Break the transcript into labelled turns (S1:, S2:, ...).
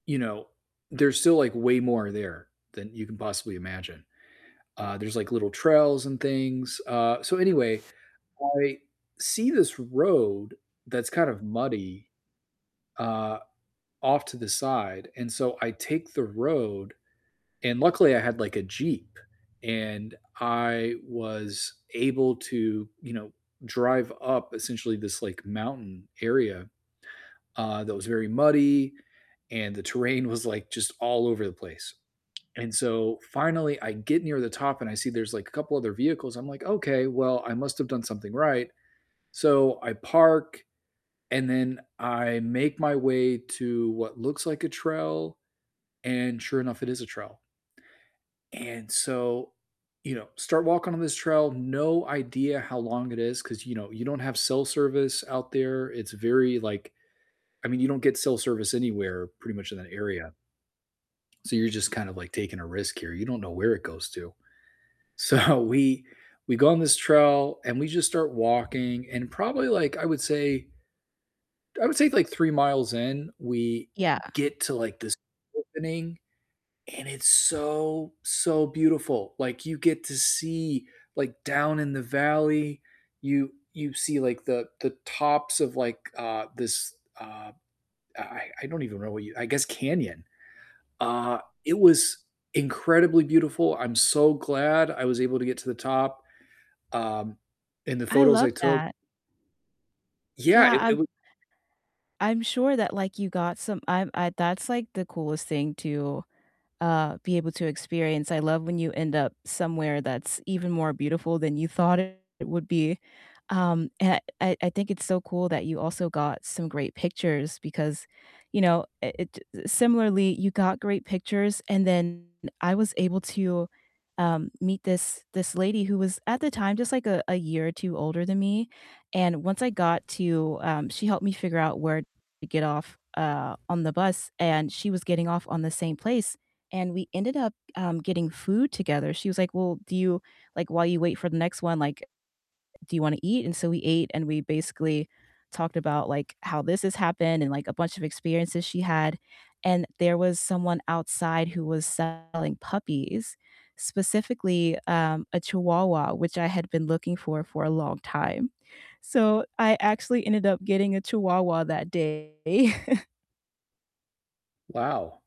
S1: You know, there's still, like, way more there than you can possibly imagine. Uh, there's, like, little trails and things. Uh, so anyway, I see this road that's kind of muddy, uh, off to the side, and so I take the road, and luckily I had, like, a Jeep and I was able to, you know, drive up essentially this, like, mountain area, uh, that was very muddy and the terrain was, like, just all over the place. And, so, finally I get near the top and I see there's, like, a couple other vehicles. I'm like, "Okay, well, I must have done something right." So I park and then I make my way to what looks like a trail, and sure enough, it is a trail. And so, you know, start walking on this trail, no idea how long it is 'cause, you know, you don't have cell service out there. It's very like I mean, you don't get cell service anywhere pretty much in that area. So you're just kind of like taking a risk here, you don't know where it goes to. So we we go on this trail and we just start walking and probably like I would say I would say, like, 3 miles in, we
S2: Yeah.
S1: get to, like, this opening and it's so, so beautiful. Like, you get to see, like, down in the valley, you you see, like, the the tops of like, uh, this, uh I I don't even know what you I guess canyon. Uh, it was incredibly beautiful. I'm so glad I was able to get to the top, um, and the
S2: I
S1: photos I
S2: love
S1: took
S2: that.
S1: Yeah.
S2: Yeah,
S1: It it
S2: I'm
S1: was
S2: I'm sure that, like, you got some I'm I That's, like, the coolest thing to, uh, be able to experience. I love when you end up somewhere that's even more beautiful than you thought it would be. Um, and I I think it's so cool that you also got some great pictures because, you know, it it Similarly, you got great pictures, and then I was able to, um, meet this this lady who was, at the time just, like a a year or 2 older than me and once I got to um, she helped me figure out where to get off, uh, on the bus, and she was getting off on the same place, and we ended up, um, getting food together, she was like, "Well, do you Like, while you wait for the next one, like, do you wanna eat?" And so we ate, and we basically talked about, like, how this has happened and, like, a bunch of experiences she had. And there was someone outside who was selling puppies, specifically, um, a chihuahua, which I had been looking for for a long time. So I actually ended up getting a chihuahua that day.
S1: Wow.